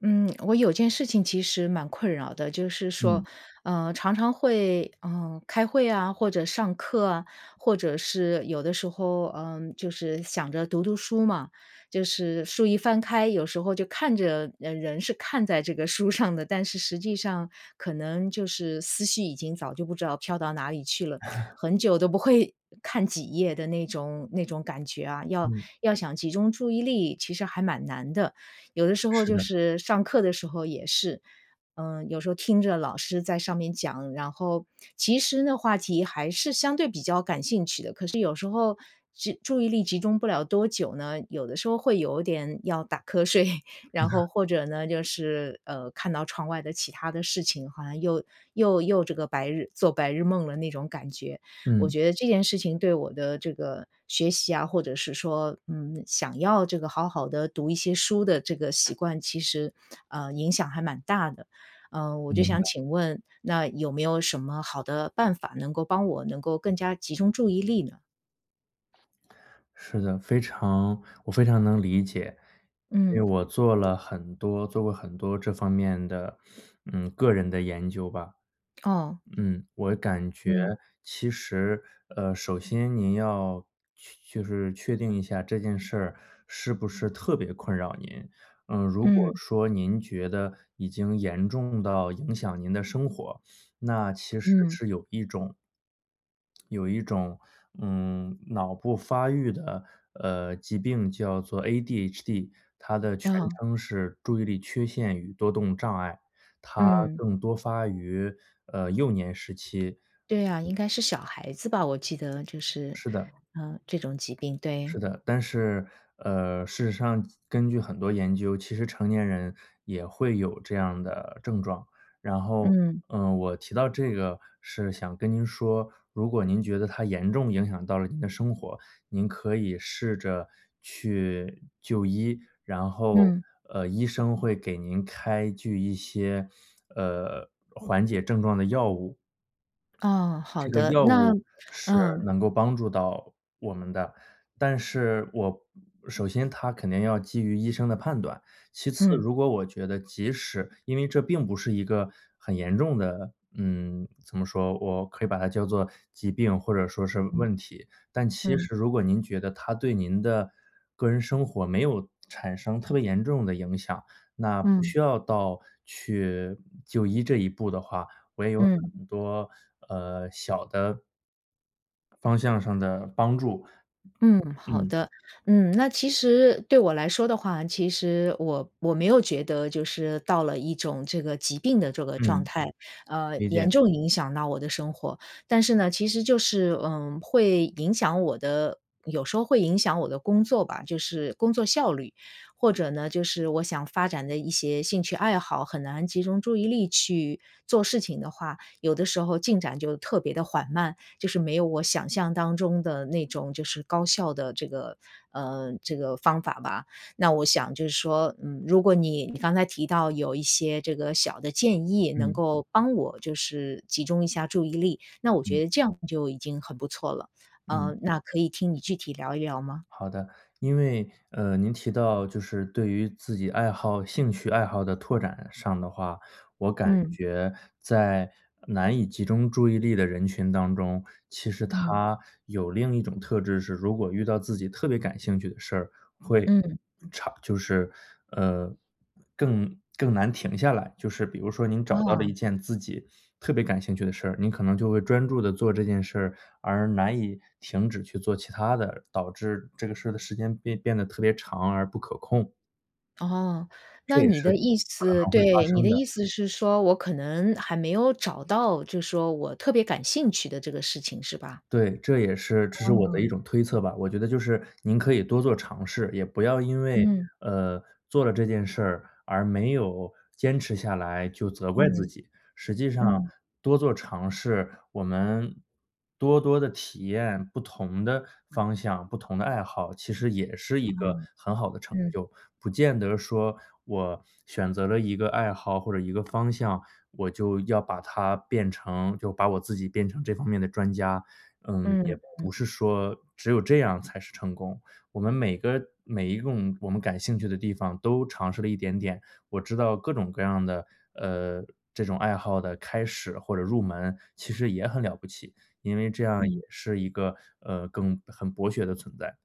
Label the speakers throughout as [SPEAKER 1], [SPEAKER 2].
[SPEAKER 1] 嗯，我有件事情其实蛮困扰的。就是说，
[SPEAKER 2] 嗯。
[SPEAKER 1] 呃，常常会呃，开会啊，或者上课啊，或者是有的时候，呃，就是想着读读书嘛。就是书一翻开有时候就看着呃，人是看在这个书上的，但是实际上可能就是思绪已经早就不知道飘到哪里去了，很久都不会看几页的那种那种感觉啊，要
[SPEAKER 2] 嗯。
[SPEAKER 1] 要想集中注意力，其实还蛮难的。有的时候
[SPEAKER 2] 是
[SPEAKER 1] 就
[SPEAKER 2] 的。
[SPEAKER 1] 是上课的时候也是，嗯，有时候听着老师在上面讲，然后，其实呢，话题还是相对比较感兴趣的，可是有时候就注意力集中不了多久呢，有的时候会有点要打瞌睡。然后，或者呢，就是，呃，看到窗外的其他的事情，好像又又又这个白日做白日梦了，那种感觉。我
[SPEAKER 2] 嗯。
[SPEAKER 1] 觉得这件事情，对我的这个学习啊，或者是说，嗯，想要这个好好地读一些书的这个习惯，其实，呃，影响还蛮大的。呃，我就
[SPEAKER 2] 明
[SPEAKER 1] 想
[SPEAKER 2] 白。
[SPEAKER 1] 请问，那有没有什么好的办法，能够帮我能够更加集中注意力呢？
[SPEAKER 2] 是的，非常我非常能理解，因为
[SPEAKER 1] 嗯。
[SPEAKER 2] 我做了很多做过很多这方面的，嗯，个人的研究吧。
[SPEAKER 1] 哦，
[SPEAKER 2] 嗯，我感觉
[SPEAKER 1] 嗯。
[SPEAKER 2] 其实，呃，首先您要确就是确定一下这件事儿，是不是特别困扰您。呃，如果
[SPEAKER 1] 嗯。
[SPEAKER 2] 说您觉得已经严重到影响您的生活，那其实
[SPEAKER 1] 嗯。
[SPEAKER 2] 是有一种有一种，嗯，脑部发育的，呃，疾病叫做 ADHD，它的全
[SPEAKER 1] 啊。
[SPEAKER 2] 称是注意力缺陷与多动障碍。它
[SPEAKER 1] 嗯。
[SPEAKER 2] 更多发于，呃，幼年时期。
[SPEAKER 1] 对啊，
[SPEAKER 2] 嗯。
[SPEAKER 1] 应该是小孩子吧？我记得就是，
[SPEAKER 2] 是的。
[SPEAKER 1] 呃，这种疾病，对。
[SPEAKER 2] 是的。但是，呃，事实上及根据很多研究，其实成年人也会有这样的症状。然后，
[SPEAKER 1] 嗯。
[SPEAKER 2] 嗯，我提到这个是想跟您说，如果您觉得它严重影响到了您的生活，您可以试着去就医。然后，
[SPEAKER 1] 嗯。
[SPEAKER 2] 呃，医生会给您开具一些，呃，缓解症状的药物。
[SPEAKER 1] 哦，好
[SPEAKER 2] 这个
[SPEAKER 1] 的。
[SPEAKER 2] 药
[SPEAKER 1] 那
[SPEAKER 2] 物是
[SPEAKER 1] 嗯。
[SPEAKER 2] 能够帮助到我们的，但是，我首先它肯定要基于医生的判断，其次，
[SPEAKER 1] 嗯。
[SPEAKER 2] 如果我觉得即使因为这并不是一个很严重的嗯，怎么说，我可以把它叫做疾病或者说是
[SPEAKER 1] 嗯，
[SPEAKER 2] 问题。但其
[SPEAKER 1] 嗯。
[SPEAKER 2] 实如果您觉得，它对您的个人生活，没有产生特别严重的影响，那不
[SPEAKER 1] 嗯。
[SPEAKER 2] 需要到去就医这一步的话，我也有
[SPEAKER 1] 嗯。
[SPEAKER 2] 很多，呃，小的方向上的帮助。
[SPEAKER 1] 嗯，好
[SPEAKER 2] 嗯。
[SPEAKER 1] 的。嗯，那其实对我来说的话，其实我我没有觉得就是到了一种这个疾病的这个状
[SPEAKER 2] 嗯。
[SPEAKER 1] 态，呃，
[SPEAKER 2] 理解。
[SPEAKER 1] 严重影响到我的生活。但是呢，其实就是，呃，会影响我的有时候会影响我的工作吧，就是工作效率。或者呢，就是我想发展的一些兴趣爱好，很难集中注意力去做事情的话，有的时候进展就特别地缓慢，就是没有我想象当中的那种就是高效的这个呃，这个方法吧。那我想就是说，嗯，如果你你刚才提到有一些这个小的建议，能
[SPEAKER 2] 嗯。
[SPEAKER 1] 够帮我就是集中一下注意力，那我觉
[SPEAKER 2] 嗯。
[SPEAKER 1] 得这样就已经很不错了，
[SPEAKER 2] 嗯。
[SPEAKER 1] 呃，那可以听你具体聊一聊吗？
[SPEAKER 2] 好的。因为，呃，您提到就是对于自己爱好兴趣爱好的拓展上的话，我感
[SPEAKER 1] 嗯。
[SPEAKER 2] 觉在难以集中注意力的人群当中，其实
[SPEAKER 1] 嗯。
[SPEAKER 2] 他有另一种特质是如果遇到自己特别感兴趣的事儿，会
[SPEAKER 1] 嗯。
[SPEAKER 2] 长就是，呃，更更难停下来。就是比如说您找到了一
[SPEAKER 1] 哦。
[SPEAKER 2] 件自己特别感兴趣的事儿，您可能就会专注地做这件事儿，而难以停止去做其他的，导致这个事儿的时间变变得特别长而不可控。
[SPEAKER 1] 哦，
[SPEAKER 2] 这
[SPEAKER 1] 那
[SPEAKER 2] 也
[SPEAKER 1] 你
[SPEAKER 2] 是
[SPEAKER 1] 的意
[SPEAKER 2] 可
[SPEAKER 1] 思
[SPEAKER 2] 能会发
[SPEAKER 1] 对，你
[SPEAKER 2] 生
[SPEAKER 1] 的
[SPEAKER 2] 的。
[SPEAKER 1] 意思是说，我可能还没有找到，就说我特别感兴趣的这个事情，是吧？
[SPEAKER 2] 对，这也是这是我的一
[SPEAKER 1] 嗯。
[SPEAKER 2] 种推测吧，我觉得就是您可以多做尝试，也不要因为，
[SPEAKER 1] 嗯。
[SPEAKER 2] 呃，做了这件事儿，而没有坚持下来就责怪自
[SPEAKER 1] 嗯，
[SPEAKER 2] 己，实际上
[SPEAKER 1] 嗯。
[SPEAKER 2] 多做尝试我们多多地体验不同的方向、不同的爱好，其实也是一
[SPEAKER 1] 啊，
[SPEAKER 2] 个很好的成
[SPEAKER 1] 嗯。
[SPEAKER 2] 就。不见得说，我选择了一个爱好或者一个方向，我就要把它变成就把我自己变成这方面的专家。嗯，也
[SPEAKER 1] 嗯
[SPEAKER 2] 不
[SPEAKER 1] 嗯。
[SPEAKER 2] 是说只有这样才是成功。我们每个每一个我们感兴趣的地方，都尝试了一点点。我知道各种各样的，呃，这种爱好的开始或者入门，其实也很了不起，因为这样也
[SPEAKER 1] 嗯。
[SPEAKER 2] 是一个，呃，更很博学的存在。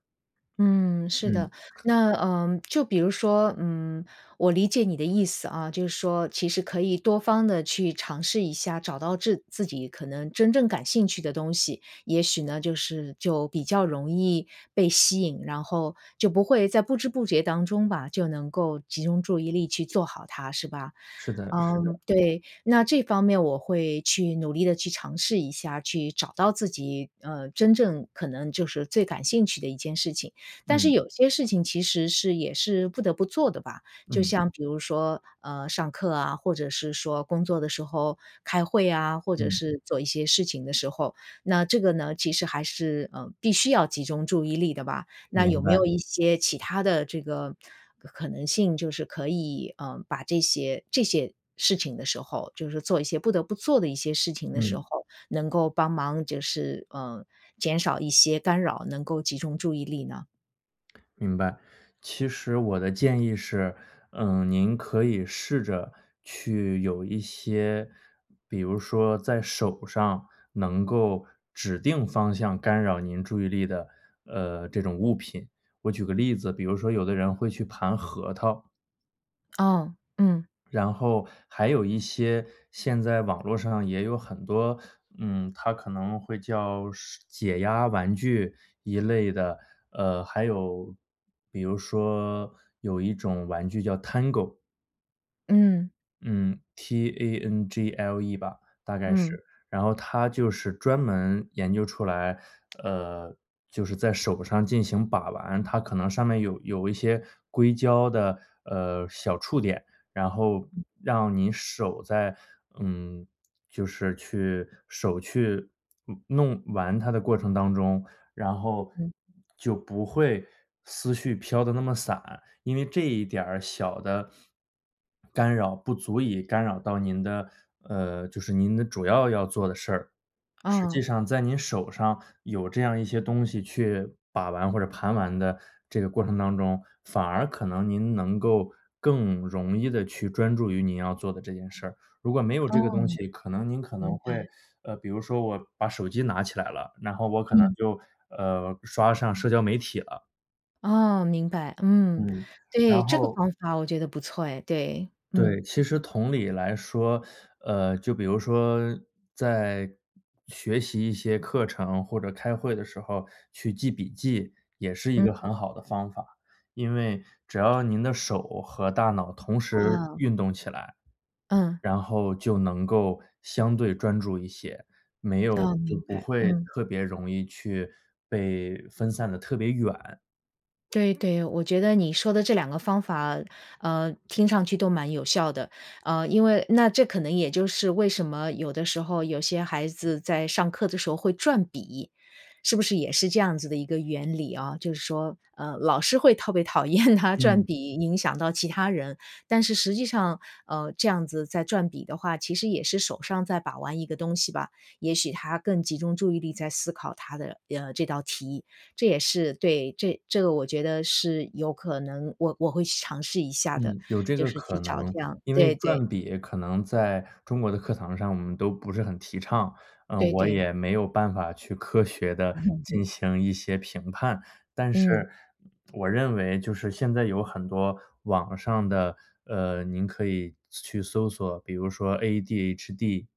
[SPEAKER 1] 嗯，是
[SPEAKER 2] 嗯。
[SPEAKER 1] 的，那，呃，就比如说，嗯，我理解你的意思啊，就是说其实可以多方地去尝试一下，找到治自己可能真正感兴趣的东西，也许呢，就是就比较容易被吸引，然后就不会在不知不觉当中吧，就能够集中注意力去做好它，是吧？
[SPEAKER 2] 是的是的。
[SPEAKER 1] 嗯，对，那这方面我会去努力地去尝试一下，去找到自己，呃，真正可能就是最感兴趣的一件事情，但是
[SPEAKER 2] 嗯。
[SPEAKER 1] 有些事情其实是也是不得不做的吧，就
[SPEAKER 2] 嗯。
[SPEAKER 1] 像比如说，呃，上课啊，或者是说工作的时候开会啊，或者
[SPEAKER 2] 嗯。
[SPEAKER 1] 是做一些事情的时候，那这个呢，其实还是，呃，必须要集中注意力的吧？那
[SPEAKER 2] 明
[SPEAKER 1] 有没
[SPEAKER 2] 白。
[SPEAKER 1] 有一些其它的这个可可能性就是可以，呃，把这些这些事情的时候，就是做一些不得不做的一些事情的时
[SPEAKER 2] 嗯。
[SPEAKER 1] 候，能够帮忙就是，呃，减少一些干扰，能够集中注意力呢？
[SPEAKER 2] 明白。其实我的建议是，嗯，您可以试着去有一些比如说在手上，能够指定方向干扰您注意力的，呃，这种物品。我举个例子，比如说有的人会去盘核桃。
[SPEAKER 1] 哦，嗯。
[SPEAKER 2] 然后还有一些现在网络上也有很多，嗯，它可能会叫是解压玩具一类的，呃，还有比如说有一种玩具叫 Tangle。
[SPEAKER 1] 嗯。
[SPEAKER 2] 嗯，T-A-N-G-L-E 吧，大概是。
[SPEAKER 1] 嗯。
[SPEAKER 2] 然后它就是专门研究出来，呃，就是在手上进行把玩，它可能上面有有一些硅胶的，呃，小触点，然后
[SPEAKER 1] 嗯。
[SPEAKER 2] 让你手在嗯，就是去手去弄玩它的过程当中，然后
[SPEAKER 1] 嗯。
[SPEAKER 2] 就不会思绪飘得那么散，因为这一点儿小的 干扰，不足以干扰到您的呃，就是您的主要要做的事儿。实际
[SPEAKER 1] 哦。
[SPEAKER 2] 上在您手上，有这样一些东西去把玩，或者盘玩的这个过程当中，反而可能您能够，更容易地去专注于您要做的这件事儿。如果没有这个东
[SPEAKER 1] 哦。
[SPEAKER 2] 西，可能您可能
[SPEAKER 1] 明
[SPEAKER 2] 会
[SPEAKER 1] 白。
[SPEAKER 2] 呃，比如说我把手机拿起来了，然后我可能
[SPEAKER 1] 嗯。
[SPEAKER 2] 就，呃，刷上社交媒体了。
[SPEAKER 1] 哦，明白，嗯，
[SPEAKER 2] 嗯，
[SPEAKER 1] 对，
[SPEAKER 2] 然
[SPEAKER 1] 这个
[SPEAKER 2] 后
[SPEAKER 1] 方法我觉得不错哎，对，嗯。
[SPEAKER 2] 对，其实同理来说，呃，就比如说在学习一些课程，或者开会的时候，去记笔记也是一个
[SPEAKER 1] 嗯。
[SPEAKER 2] 很好的方法，因为只要您的手和大脑同时
[SPEAKER 1] 嗯。
[SPEAKER 2] 运动起来，
[SPEAKER 1] 嗯。
[SPEAKER 2] 然后就能够相对专注一些，没有
[SPEAKER 1] 哦，
[SPEAKER 2] 就
[SPEAKER 1] 明
[SPEAKER 2] 不
[SPEAKER 1] 白，
[SPEAKER 2] 会
[SPEAKER 1] 嗯。
[SPEAKER 2] 特别容易去被分散得特别远。
[SPEAKER 1] 对对，我觉得你说的这2个方法，呃，听上去都蛮有效的，呃，因为那这可能也就是为什么，有的时候有些孩子在上课的时候会转笔，是不是也是这样子的一个原理啊？就是说，呃，老师会特别讨厌他转
[SPEAKER 2] 嗯。
[SPEAKER 1] 笔影响到其他人，但是实际上，呃，这样子在转笔的话，其实也是手上在把玩一个东西吧，也许他更集中注意力在思考他的，呃，这道题，这也是对，这这个我觉得是有可能我我会去尝试一下的，
[SPEAKER 2] 嗯，有这
[SPEAKER 1] 就
[SPEAKER 2] 个
[SPEAKER 1] 是去
[SPEAKER 2] 可能，
[SPEAKER 1] 找这样
[SPEAKER 2] 因为
[SPEAKER 1] 对对。
[SPEAKER 2] 转笔可能在中国的课堂上，我们都不是很提倡，啊，
[SPEAKER 1] 对
[SPEAKER 2] 我
[SPEAKER 1] 对。
[SPEAKER 2] 也没有办法去科学地进 行一些评判，但
[SPEAKER 1] 嗯。
[SPEAKER 2] 是我认为就是现在有很多网上的呃，您可以去去搜索，比如说 ADHD、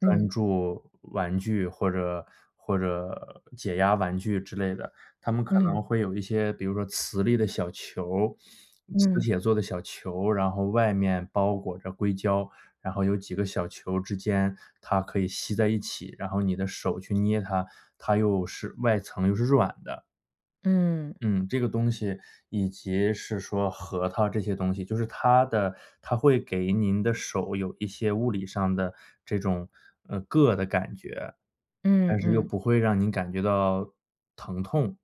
[SPEAKER 2] 专
[SPEAKER 1] 嗯。
[SPEAKER 2] 注玩具或者或者解压玩具之类的，他们可
[SPEAKER 1] 嗯。
[SPEAKER 2] 能会有一些比如说磁力的小球，磁
[SPEAKER 1] 嗯。
[SPEAKER 2] 铁做的小球，然后外面包裹着硅胶，然后有几个小球之间，它可以吸在一起，然后你的手去捏它，它又是外层又是软的。
[SPEAKER 1] 嗯。
[SPEAKER 2] 嗯，这个东西，以及是说核桃这些东西，就是它的它会给您的手，有一些物理上的这种，呃，“硌”的感觉，
[SPEAKER 1] 嗯
[SPEAKER 2] 但是又
[SPEAKER 1] 嗯。
[SPEAKER 2] 不会让您感觉到疼痛。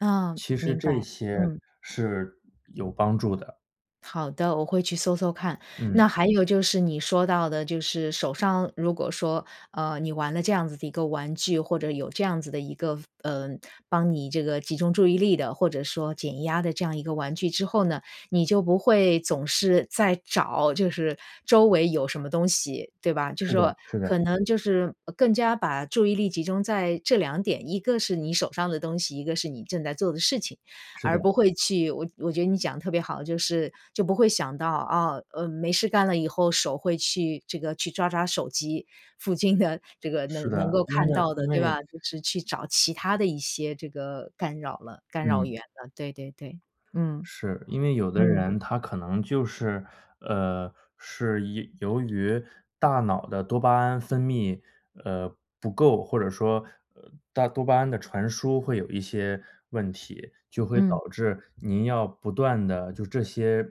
[SPEAKER 1] 嗯，
[SPEAKER 2] 其实
[SPEAKER 1] 明
[SPEAKER 2] 这
[SPEAKER 1] 白，
[SPEAKER 2] 些
[SPEAKER 1] 嗯。
[SPEAKER 2] 是有帮助的。
[SPEAKER 1] 好的，我会去搜搜看。那
[SPEAKER 2] 嗯。
[SPEAKER 1] 还有就是，你说到的就是手上如果说，呃，你玩了这样子的一个玩具，或者有这样子的一个，呃，帮你这个集中注意力的，或者说减压的这样一个玩具之后呢，你就不会总是在找，就是周围有什么东西，对吧？就是
[SPEAKER 2] 是的
[SPEAKER 1] 说，
[SPEAKER 2] 是的。
[SPEAKER 1] 可能就是更加把注意力集中在这2点，一个是你手上的东西，一个是你正在做的事情，
[SPEAKER 2] 是
[SPEAKER 1] 而
[SPEAKER 2] 的。
[SPEAKER 1] 不会去我我觉得你讲得特别好，就是就不会想到，啊，呃，没事干了以后，手会去这个去抓抓手机，附近的这个
[SPEAKER 2] 是
[SPEAKER 1] 能能
[SPEAKER 2] 的，
[SPEAKER 1] 够
[SPEAKER 2] 因
[SPEAKER 1] 看
[SPEAKER 2] 为
[SPEAKER 1] 到
[SPEAKER 2] 因
[SPEAKER 1] 的，对
[SPEAKER 2] 为
[SPEAKER 1] 吧？就是去找其他的一些这个干扰了干扰
[SPEAKER 2] 嗯。
[SPEAKER 1] 源了，对对对，嗯，
[SPEAKER 2] 是，因为有的
[SPEAKER 1] 嗯。
[SPEAKER 2] 人他可能就是呃，是一由于大脑的多巴胺分泌，呃，不够，或者说，呃，大多巴胺的传输会有一些问题，就会
[SPEAKER 1] 嗯。
[SPEAKER 2] 导致您要不断地就这些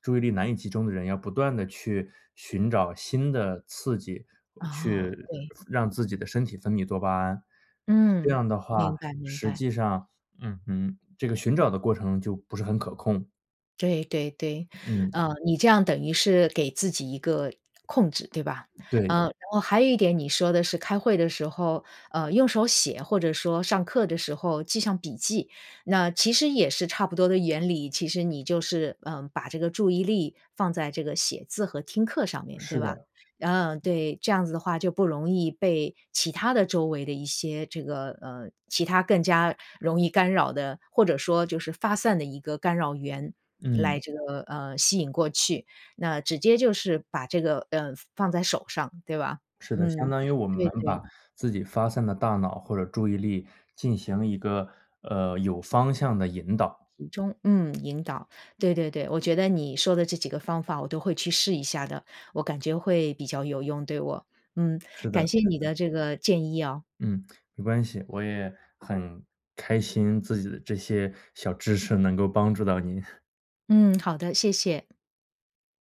[SPEAKER 2] 注意力难以集中的人，要不断地去寻找新的刺激，
[SPEAKER 1] 哦，
[SPEAKER 2] 去
[SPEAKER 1] 对。
[SPEAKER 2] 让自己的身体分泌多巴胺。这
[SPEAKER 1] 嗯，
[SPEAKER 2] 样的话，
[SPEAKER 1] 明白明
[SPEAKER 2] 实
[SPEAKER 1] 白。
[SPEAKER 2] 际上嗯哼，这个寻找的过程就不是很可控。
[SPEAKER 1] 对对对。
[SPEAKER 2] 嗯。
[SPEAKER 1] 呃，你这样等于是给自己一个控制，对吧？
[SPEAKER 2] 对。
[SPEAKER 1] 呃，然后还有一点，你说的是开会的时候，呃，用手写或者说上课的时候记上笔记。那其实也是差不多的原理，其实你就是，呃，把这个注意力放在这个写字和听课上面，对
[SPEAKER 2] 是
[SPEAKER 1] 吧？
[SPEAKER 2] 的。
[SPEAKER 1] 嗯，对，这样子的话，就不容易被其它的周围的一些这个呃，其它更加容易干扰的，或者说就是发散的一个干扰源来
[SPEAKER 2] 嗯。
[SPEAKER 1] 这个，呃，吸引过去，那直接就是把这个，呃，放在手上，对吧？
[SPEAKER 2] 是的，相
[SPEAKER 1] 嗯，
[SPEAKER 2] 当于我们
[SPEAKER 1] 对，
[SPEAKER 2] 把
[SPEAKER 1] 对。
[SPEAKER 2] 自己发散的大脑或者注意力，进行一个，呃，有方向地引导。
[SPEAKER 1] 集中，嗯，引导。对对对，我觉得你说的这几个方法，我都会去试一下的，我感觉会比较有用对我。嗯，
[SPEAKER 2] 是的
[SPEAKER 1] 感谢
[SPEAKER 2] 是
[SPEAKER 1] 你
[SPEAKER 2] 的。
[SPEAKER 1] 的这个建议哦。
[SPEAKER 2] 嗯，没关系。我也很开心，自己的这些小知识能够帮助到您。
[SPEAKER 1] 嗯，好的，谢谢。